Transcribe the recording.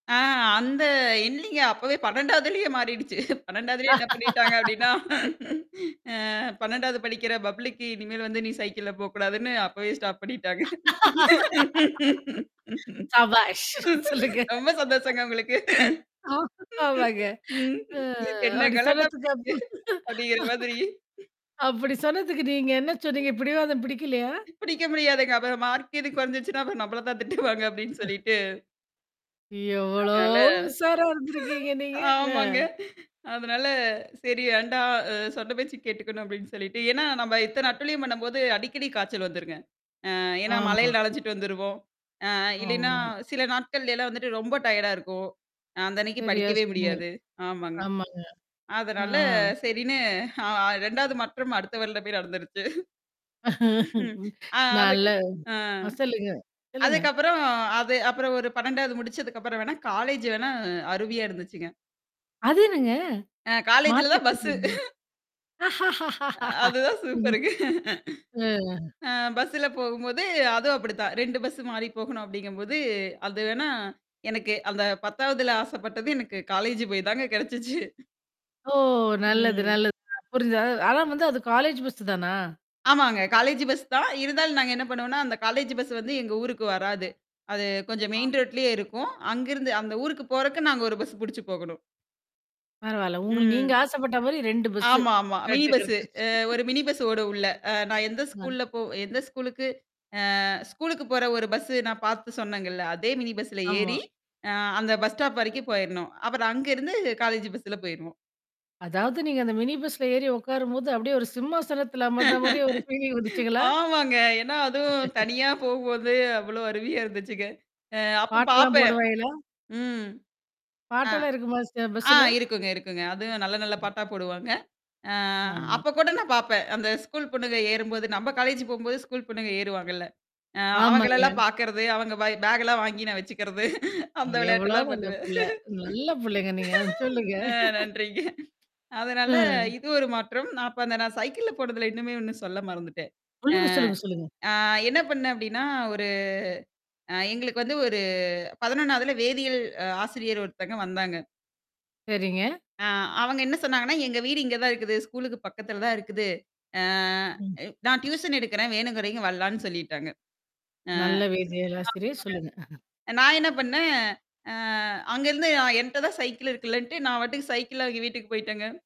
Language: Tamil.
ஆ, அந்த இல்லீங்க. அப்பவே 12வதுலேயே மாறிடுச்சு. 12வதுலயே என்ன பண்ணிட்டாங்க அப்பிடின்னா அ 12வது படிக்கிற பப்ளிக் இனிமேல் வந்து நீ சைக்கிள்ல போ கூடாதுன்னு, அப்பவே ஸ்டாப் பண்ணிட்டாங்க. சபாஸ்! சொல்லுங்க. ரொம்ப சந்தோஷங்க உங்களுக்கு. ஆ, ஆமாங்க. ம் அ என்ன அப்பிடி கலட்டா சொன்னதுக்கு [unintelligible] அப்டீங்கிற மாதிரி [unintelligible] அப்பிடி சொன்னதுக்கு நீங்க என்ன சொன்னீங்க? பிடிவாதம் பிடிக்கலயா? புடிக்க முடியாதுங்க. அப்புற மார்க் இது குறஞ்சிச்சுன்னா, அப்புறம் நம்மள தான் திட்டுவாங்க அப்பிடின்னு [unintelligible] சொல்லிட்டு. எவ்ளோ அதனால, உஷாரா இருந்திருக்கீங்க நீங்க? ஆமாங்க. அ. அதனால சரி வேண்டாம் அ சொன்ன பேச்சுக்கு கேட்டுக்கணும் அப்பிடின்னு சொல்லிட்டு ஏன்னா, நம்ம எத்தன அட்டூழியம் பண்ணும்போது அடிக்கடி காய்ச்சல் வந்துருங்க. அ ஏன்னா, ஆமா. மழையில நனஞ்சிட்டு வந்துருவோம். அ இல்லையின்னா ஆமா. சில நாட்கள்லைலாம் வந்துட்டு ரொம்ப டயர்டா இருக்கும். அ அந்த அன்னக்கி சரியா படிக்கவே சொன்னீங்க. முடியாது. ஆமாங்க. ஆமாங்க. ஆ. அதனால, சரின்னு அ 2வது மாற்றம் அடுத்த வருடமே நடந்துருச்சு. ம், ஆ நல்ல அதுக்கு ஆ. அ சொல்லுங்க, சொல்லுங்க. அதுக்கப்புறம் அது அப்புறம் ஒரு 12வது முடிச்சதுக்கப்புறம் வேணா, காலேஜ் வேணா அருமையா இருந்துச்சுங்க. அது என்னங்க? அ காலேஜ்ல மாத்தி தான் பஸ்ஸு சொல்லுங்க. அ அதுதான் [unintelligible] சூப்பருங்க. ஆ. அ பஸ்ல போகும்போது, அதுவும் அப்பிடிதான். 2 பஸ் மாறி போகணும் அப்பிடிங்கம்போது, அதுவேணா, எனக்கு அந்த 10வதுல ஆசப்பட்டது, எனக்கு காலேஜ் போய்தாங்க கிடைச்சிச்சு. ஓ! நல்லது, ம். நல்லது [unintelligible] புரிஞ்சது. அது ஆனா வந்து, அது காலேஜ் பஸ் தானா? ஆமாங்க. காலேஜ் பஸ் தான். இருந்தாலும் நாங்க என்ன பண்ணுவோன்னா, அந்த காலேஜ் பஸ் வந்து எங்க ஊருக்கு வராது. அது கொஞ்சம் அ. மெயின் ரோட்லயே இருக்கும். அங்கருந்து அந்த ஊருக்கு போறக்கு நாங்க ஒரு பஸ் புடிச்சு போகணும். பரவால்ல. உங்கள ம். நீங்க ஆசப்பட்டமாரி 2 பஸ்ஸு ஆமா, ஆமா. மினி கரெக்ட்டா பஸ். கிடச்சிருச்சு. அ ஒரு மினி பஸ்ஸ ஓடும் உள்ள. அ நான் எந்த [unintelligible] ஸ்கூல்ல போ எந்த ஸ்கூலுக்கு அ ஸ்கூலுக்கு போற ஒரு பஸ்ஸு நான் பார்த்து சொன்னேங்கல்ல. அதே மினி பஸ்ல ஏறி, ஆமா. ஆ அந்த பஸ் ஸ்டாப் வரைக்கும் போயிறணும். அப்புறம் அங்கருந்து காலேஜ் பஸ்ல போயிருவோம். அதாவது நீங்க அந்த மினி பஸ்ல ஏறி உட்காரும்போது அப்பிடியே ஒரு சிம்மாசனத்தில அமர்ந்த மாரியே ஒரு ஃபீலிங் வந்துச்சுங்களா? ஆமாங்க. ஏன்னா, அதுவும் தனியா போகும்போது அவ்ளோ அருமையா இருந்துச்சுங்க. அ அப்ப பாட்டெல்லாம் பார்ப்பேன். போடுவாங்களா? ம். அ, பாட்டெல்லாம் இருக்குமா! செ ஆ, பஸ்ல. இருக்குங்க, இருக்குங்க. அதுவும் நல்ல நல்ல பாட்டா போடுவாங்க. அ ஆமா. அப்பகூட நான் பாப்பேன். அந்த ஸ்கூல் பொண்ணுங்க ஏறும்போது, நம்ம காலேஜ் போகும்போது ஸ்கூல் பொண்ணுங்க ஏறுவாங்கள்ல. ஆ அவுங்களெல்லாம் ஆமாங்க. பார்க்கிறது, அவுங்க வ பேக் எல்லாம் வாங்கி நான் வச்சுக்கிறது. அ அந்த எவ்ளோ விளையாட்டெல்லாம் நல்ல பண்ணுவேன். புள்ள! நல்ல புள்ளைங்க நீங்க, அ சொல்லுங்க அ நன்றிங்க. அதனால ம். இது ஒரு மாற்றம். நான் அப்ப அந்த நான் சைக்கிள்ல போனதுல இன்னுமே ஒண்ணு சொல்ல மறந்துட்டேன். ஆ சொல்லுங்க, சொல்லங்க, சொல்லுங்க. ஆ என்ன பண்ணேன் அப்பிடின்னா, ஒரு அ எங்களுக்கு வந்து ஒரு 11வதுல வேதியியல் அ ஆசிரியர் ஒருத்தங்க வந்தாங்க. சரிங்க. ஆ, அவுங்க என்ன சொன்னாங்கன்னா, எங்க வீடு இங்க தான் இருக்குது. ஸ்கூலுக்கு பக்கத்துல தான் இருக்குது. ஆ ம் நான் டியூஷன் எடுக்கிறேன். வேணும்ங்கிறவெங்க வரலான்னு சொல்லிட்டாங்க. அ. நல்ல வேதியியல் ஆசிரியர் சொல்லுங்க. ஆமாங்க. நான் என்ன பண்ணேன், அ அங்கிருந்து அ என்ட்ட தான் சைக்கிள் இருக்குலன்ட்டு, நான் பாட்டுக்கு சைக்கிள்ல அவிங்க வீட்டுக்கு போயிட்டேங்க.